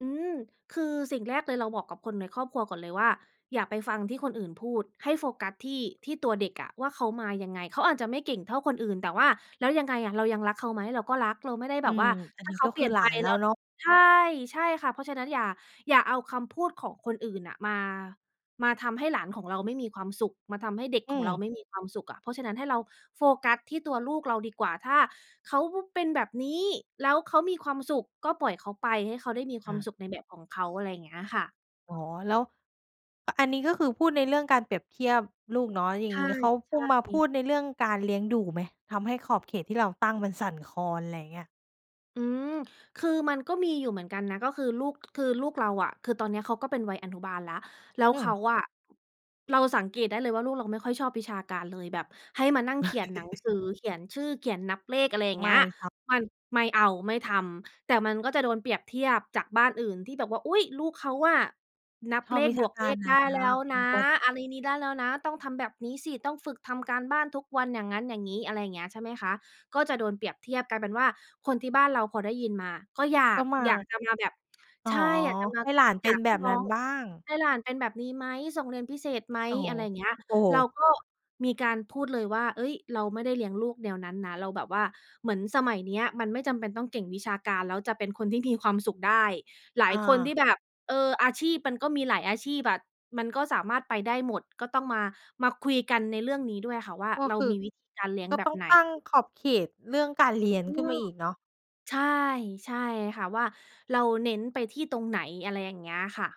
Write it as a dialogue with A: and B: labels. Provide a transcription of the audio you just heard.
A: อืม คือสิ่งแรกเลย เราบอกกับคนในครอบครัวก่อนเลยว่า "อย่าไปฟังที่คนอื่นพูดให้โฟกัสที่ ที่ตัวเด็กอะ ว่าเขามายังไง?" เขาอาจจะไม่เก่งเท่าคนอื่น แต่ว่าแล้วยังไงอะ เรายังรักเขาไหม เราก็รักเราไม่ได้
B: อ
A: แ
B: ื
A: บบว
B: ม
A: ่า
B: อั
A: ถ
B: น
A: ้
B: น
A: า
B: ี้
A: เขา
B: ก็
A: เป
B: ค
A: ลี
B: ือ
A: ่ยน
B: หล
A: ไ
B: า
A: ป
B: นแล
A: แ
B: ้
A: ล้
B: ว
A: ว
B: เนาะ
A: ใช่ ใช่ค่ะ เพราะฉะนั้นอย่า อย่าเอาคำพูดของคนอื่นน่ะ มา มาทำให้หลานของเราไม่มีความสุข มาทำให้เด็ก
B: อื
A: ของเรา
B: ม
A: ไม่มีความสุขอะ เพราะฉะนั้นให้เราโฟกัสที่ตัวลูกเราดีกว่า ถ้าเขา ว เป็นแบบนี้แล้วเขามีความสุข ก็ปล่อยเขาไป ให้เขาได้มีค
B: อ
A: วาม
B: า
A: สุขในแบบของเขา อะไรอย่างเงี้ยค่ะ
B: อ๋อ แล้ว อ อันนี้ก็คือพูดในเรื่องการเปรียบเทียบลูกเนาะ อย่า
A: ใช
B: งง
A: ่
B: ี้ เขา
A: ใ
B: พูด
A: ช
B: มาพ
A: ่
B: ูดในเรื่องการเลี้ยงดูไหม? ทำให้ขอบเขตที่เราตั้งมันสั่นคลอน อะไรอย่างเงี้ย
A: อืม คือมันก็มีอยู่เหมือนกันนะ ก็คือลูก คือลูกเราอะ คือตอนเนี้ยเขาก็เป็นวัยอนุบาลแล้ว แล้ว
B: อื
A: เขา
B: ม
A: อะ เราสังเกตได้เลยว่าลูกเราไม่ค่อยชอบวิชาการเลย แบบให้มานั่งเขียนหนังสือ เขียนชื่อ เขียนนับเลข อะไรอย่าง
B: ไ
A: เ
B: ม
A: งี้
B: ่
A: ย
B: ทำ
A: มัน ไม่เอา ไม่ทำ แต่มันก็จะโดนเปรียบเทียบจากบ้านอื่นที่แบบว่า "อุ๊ย! ลูกเขาอะนับ
B: ชอ
A: เล
B: บ
A: ข
B: วิช
A: บ
B: า
A: วก
B: ก
A: เ
B: า
A: ล
B: ร
A: ข
B: น
A: ได
B: ะ
A: ้แล้ว
B: อื
A: นะ
B: ม ป
A: อะไรนี้ได้แล้วนะ ต้องทำแบบนี้สิ ต้องฝึกทำการบ้านทุกวันอย่างงั้น อย่างงี้" อะไรอย่างเงี้ย ใช่ไหมคะ ก็จะโดนเปรียบเทียบกลายเป็นว่า คนที่บ้านเราพอได้ยินมา ก็อยา
B: ก
A: ก
B: ็มา
A: อยากจะมาแบบ
B: อ๋
A: ใ
B: อ
A: ช่ อยากจะมา
B: ให้หลานเ
A: อ
B: ป
A: ย
B: ็น
A: ากใ
B: แ
A: ห
B: บ
A: ้
B: บ
A: น้
B: น
A: อ
B: ั้น
A: ง
B: บ้าง
A: ให้หลานเป็นแบบนี้ไหม ส่งเรียนพิเศษไหม
B: โอ้โฮ
A: อะไรอย่างเงี้ย
B: โอ้โ
A: เรา
B: ฮ
A: ก็มีการพูดเลยว่า "เฮ้ย! เราไม่ได้เลี้ยงลูกแนวนั้นนะ" เราแบบว่า เหมือนสมัยเนี้ยมันไม่จำเป็นต้องเก่งวิชาการ แล้วจะเป็นคนที่มีความสุขได้ หลาย
B: อ
A: คนที
B: า
A: ่แบบ เออ อาชีพมันก็มีหลายอาชีพอะ มันก็สามารถไปได้หมด ก็ต้องมา มาคุยกันในเรื่องนี้ด้วยอะค่ะว่า
B: ก็
A: เรา
B: คือ
A: มีวิธีการเลี้ยง
B: ก็
A: แบ
B: ต
A: บ
B: ้อง
A: ไหน
B: ตั้งขอบเขตเรื่องการเรียน
A: อื
B: ขึ้น
A: ม
B: มาอีกเนาะ
A: ใช่ ใช่ค่ะ ว่าเราเน้นไปที่ตรงไหน อะไรอย่างเงี้ยค่ะ